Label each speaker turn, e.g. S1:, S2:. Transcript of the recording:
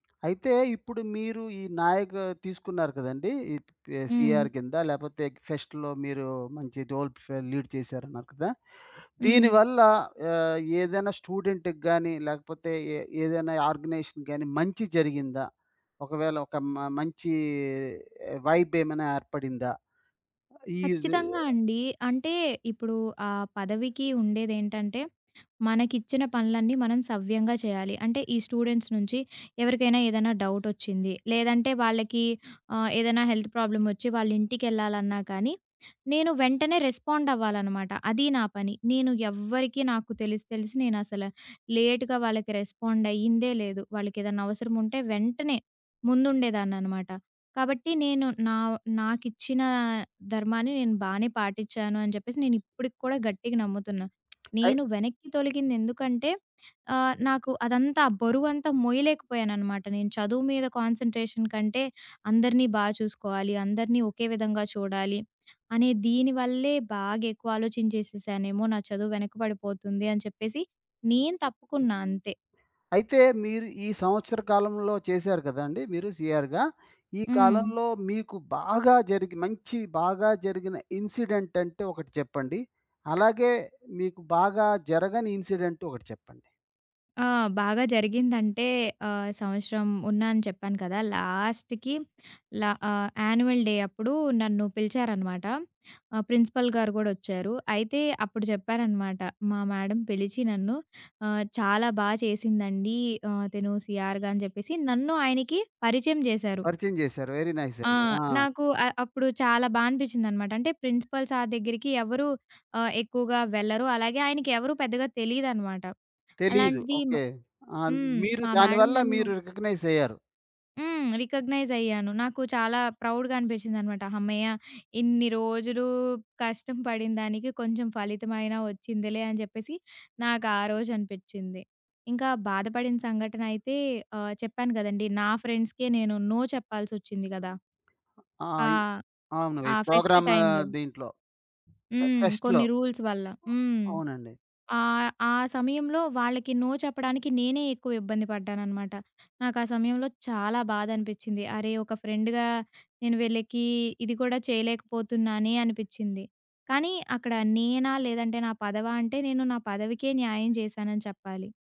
S1: అయితే ఇప్పుడు మీరు ఈ నాయక తీసుకున్నారు కదండీ! ఈ
S2: హ్మ్.
S1: సీఆర్ కింద లేపోతే ఫెస్ట్‌లో మీరు మంచి రోల్ లీడ్ చేసారన్నారు కదా! దీని
S2: హ్మ్.
S1: వల్ల ఆహ్, ఏదైనా స్టూడెంట్‌కి గాని లేకపోతే ఎ ఏదైనా ఆర్గనైజేషన్ గాని మంచి జరిగిందా? ఒకవేళ ఒక మ మంచి వైబ్ ఏమైనా ఏర్పడిందా? ఈద్
S2: ఖచ్చితంగా అండి. అంటే ఇప్పుడు ఆ పదవికి ఉండేదేంటంటే, మనకిచ్చిన పనులన్నీ మనం సవ్యంగా చేయాలి. అంటే ఈ స్టూడెంట్స్ నుంచి ఎవరికైనా ఏదన్నా డౌటొచ్చింది. లేదంటే వాళ్ళకి ఆహ్, ఏదన్నా హెల్త్ ప్రాబ్లమోచ్చి వాళ్ళంటికెళ్ళాలన్నా కానీ, నేను వెంటనే రెస్పాండ్ అవ్వాలన్నమాట అది నా పని. నేను ఎవ్వరికీ నాకు తెలిసి తెలిసి నేనసల లేట్‌గా వాళ్ళకి రెస్పాండ్ అయ్యిందే లేదు. వాళ్ళకెదన్నా అవసరం ఉంటే వెంటనే ముందుండేదాన్ననమాట. కాబట్టి నేను నా నాకిచ్చిన ధర్మాన్ని నేను బానే పాటిచాను అని జెప్పేసి నేను ఇప్పుడికి కూడా గట్టిగా నమ్ముతున్న.
S1: అయి
S2: నేను వెనక్కి తొలగిందెందుకంటే ఆహ్, నాకు అదంతా ఆ బరువంతా మోయలేకపోయాన్ననమాట. నేను చదువు మీద కాన్సంట్రేషన్ కంటే అందరిని బా చూసుకోవాలి. అందరిని ఒకే విధంగా చూడాలి. అనే దీని వల్లే బాగా ఎక్కువ ఆలోచించేసేసానేమో నా చదువు వెనకబడిపోతుంది, అని చెప్పేసి నేను తప్పుకున్నా అంతే.
S1: అయితే మీరు ఈ సంవత్సర కాలంలో చేసారు గదండీ! మీరు సీఆర్‌గా. ఈ
S2: హ్మ్.
S1: కాలంలో మీకు బాగా జరిగి మంచి బాగా జరిగిన ఇన్సిడెంట్ అంటే ఒకటి చెప్పండి. అలాగే మీకు బాగా జరగని ఇన్సిడెంట్ ఒకటి చెప్పండి.
S2: ఆ! బాగా జరిగిందంటే ఆహ్, సంవత్సరం ఉన్నా అని చెప్పాను కదా! లాస్ట్‌కి ల ఆహ్, యాన్యువల్ డే అప్పుడు నన్ను పిలిచారనమాట. ఆ ప్రిన్సిపల్ గారు గూడొచ్చారు. అయితే అప్పుడు చెప్పారనమాట మా మేడమ్ పిలిచి నన్ను ఆహ్, చాలా బా చేసిందండి ఆహ్, తిను సీఆర్‌గా అని చెప్పేసి నన్ను ఆయనకి పరిచయం జేసారు.
S1: పరిచయం జేసారు. వెరీ నైస్
S2: ఆ!
S1: అండి. ఆ!
S2: నాకు అ అప్పుడు చాలా బా అనిపిచ్చిందన్నమాట అంటే ప్రిన్సిపల్ సర్ దగ్గరికి ఎవరు ఆహ్, ఎక్కువగా వెళ్ళరు. అలాగే ఆయనకెవరు పెద్దగా తెలీదన్నమాట.
S1: తెలీదు.
S2: అలాంటిది మ
S1: ఓకే. ఆ
S2: హ్మ్,
S1: మీరు
S2: మా
S1: దాని
S2: మేడమ్
S1: వల్ల
S2: నన్ను
S1: మీరు రికాగ్నైజ్ అయ్యారు.
S2: హ్మ్. రికగ్నైజ్ అయ్యాను. నాకు చాలా ప్రౌడ్‌గా అనిపించిందనమాట. హమ్మయ్య! ఇన్ని రోజులు కష్టం పడిందానికి కొంచెం ఫలితమయిన వచ్చిందిలే అని జెప్పేసి నాకు ఆ రోజు అనిపిచ్చింది. ఇంకా బాధపడిన సంఘటన అయితే ఆహ్, చెప్పాను కదండీ. నా ఫ్రెండ్స్‌కె నేను నో చెప్పాల్సొచ్చింది గదా!
S1: ఆ!
S2: ఆ!
S1: ఇ అవును. ఈ
S2: ఆ ఫెస్ట్
S1: ప్రోగ్రామ్
S2: టైమ్‌లో.
S1: దీంట్లో ఫె
S2: హ్మ్.
S1: ఫేస్ట్‌లో.
S2: కొన్ని రూల్స్ వల్ల. హ్మ్.
S1: అవునండీ.
S2: ఆహ్, ఆ సమయంలో వాళ్ళకి నో చెప్పడానికి నేనే ఎక్కువ ఇబ్బంది పడ్డాన్ననమాట. నాకా సమయంలో చాలా బాధ అనిపిచ్చింది. అరే! ఒక ఫ్రెండ్‌గా నేను విళ్ళకి ఇది కూడా చేయలేకపోతున్నానే అనిపిచ్చింది. కానీ అక్కడ నేనా లేదంటే నా పదవా అంటే నేను నా పదవికే న్యాయం చేసానని చెప్పాలి.